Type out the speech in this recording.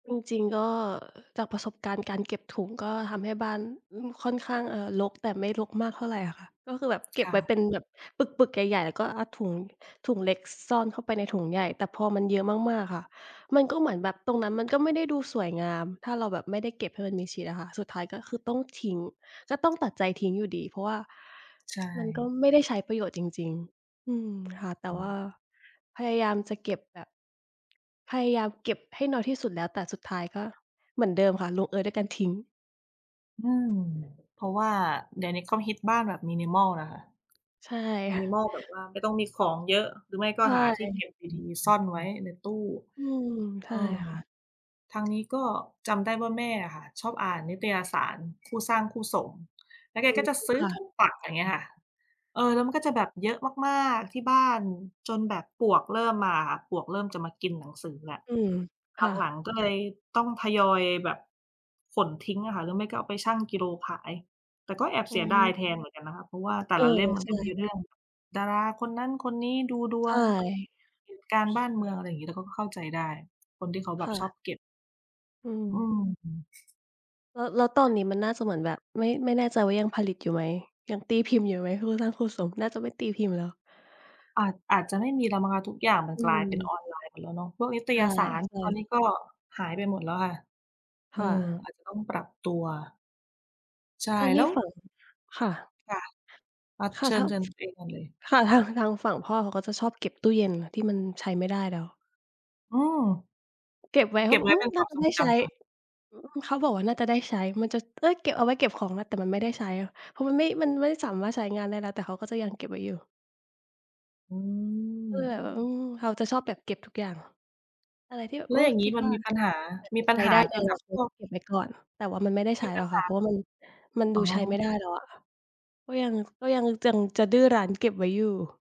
จริง ๆ ก็จากประสบการณ์การเก็บถุง ก็ทำให้บ้าน อืม ค่อนข้าง เอ่อ รก แต่ไม่รกมากเท่าไรอะค่ะ ก็คือแบบเก็คบ่ไว้เะ ป็นแบบปึก ๆ ใหญ่ ๆ แล้วก็เอา ถุง ถุงเล็ก ซ ซ่อนเข้าไปในถุงใหญ่ แต่พอมันเยอะมาก ๆ ค่ะ มันก็เหมือนแบบตรงนั้นมันก็ไม่ได้ดูสวยงาม ถ้าเราแบบไม่ได้เก็บให้มันมิดชิดอะค่ะ สุดท้ายก็คือต้องทิ้ง ก็ต้องตัดใจทิ้งอยู่ดี เพราะว่าใชมันก็่ ไม่ได้ใช้ประโยชน์จริง ๆ อืม ค่ะ แต่อว่ืม าพยายามจะเก็บแบบ พยายามเก็บให้น้อยที่สุดแล้ว แต่สุดท้ายก็เหมือนเดิมค่ะ ลงเอยด้วยการทิ้ง อืม เพราะว่าเดี๋ยวนี้เขาฮิตบ้านแบบ Minimal น่ะค่ะ ใช่ค่ะ Minimal แบบว่า ไม่ต้องมีของเยอะ หรือไม่กใช็หาที่เก่ ็บดี ๆ ซ่อนไว้ในตู้ อืม ใเชอ่อ ค่ะ ทางนี้ก็จำได้ว่า แม่อะค่ะชอบอ่านนิตยสารคู่สร้างคู่สม แล้วแกอืก็ม จะซื้อค่ะ ทุกปัก อะไรเงี้ยค่ะ เออ แล้วมันก็จะแบบเยอะมาก ๆ ที่บ้านจนแบบปลวกเริ่มมาค่ะ ปลวกเริ่มจะมากินหนังสือแหละ อืม ค่หลัะ ง ๆ ก็เลยต้องทยอยแบบขนทิ้งอะค่ะ หรือไม่ก็เอาไปชั่งกิโลขาย แต่ก็แอบอเ๋สียดายอ แทนเหมือนกันนะคะ เพราะว่าแต่เออ ละเล่มมัในชก็มี่ เรื่องดาราคนนั้นคนนี้ ดูดใชวง ่ เหตุการณ์การบ้านเมือง อะไรอย่างงี้ เราก็เข้าใจได้ คนที่เขาแบคบ่ชอบะ เก็บ อือืม ม แล้ว แล้วตอนนี้มันน่าเสมือนแบบ ไม่ ไม่แน่ใจว่ายังผลิตอยู่ไหม? ยังตีพิมพ์อยู่ไหม? คู่สร้างคู่สมน่าจะไม่ตีพิมพ์แล้ว อาจ อาจจะไม่มีแล้วมั้งคะ ทุกอย่างมัอนืกลายเป็นอม อนไลน์ไปแล้วเนาะ พวกนิตใยสารช่ ตอนนๆ ี้ก็หายไปหมดแล้วค่ะ อคื่ม ะ อาจจะต้องปรับตัว ใช่ อันนแลี้้ว ฝั่ง ค่ะ ค่ะ อา ค่เะ ชิทญ าง เชิญตัวเองก่อนเลย ค่ะ ทาง ทางฝั่งพ่อ เขาก็จะชอบเก็บตู้เย็นที่มันใช้ไม่ได้แล้ว อืม เก็บไว้เเขกา็บบอไก ว้อืเปม ็นคนว่าามจะทรไงด้จใช้ ำเหรอ? อืม เขาบอกว่าน่าจะได้ใช้ มันจะ เอ๊ย เก็บเอาไว้เก็บของนะ แต่มันไม่ได้ใช้ เพราะมันไม่ มันไม่สามารถใช้งานได้แล้ว แต่เขาก็จะยังเก็บไว้อยู่ อืก็เลยม แบบ อืม เขาจะชอบแบบเก็บทุกอย่าง อะไรที่แบบ แล้โอว้ อย่างงคี้ิดมัน ว่ามีปัญหา อาจมีจะปัใชญ้หไาด้ใเนกิดอจนาากคพตวก เก็บไว้ก่อน แต่ว่ามันไม่ได้มใชี้ปหรัอญกหค่ะ เพรา าะว่า มัน มันดอู๋ใช้ไอ ม่ได้แล้วอะค่ะ ก็ยัง ก็ยัง ยังจะดื้อรั้นเก็บไว้อยู่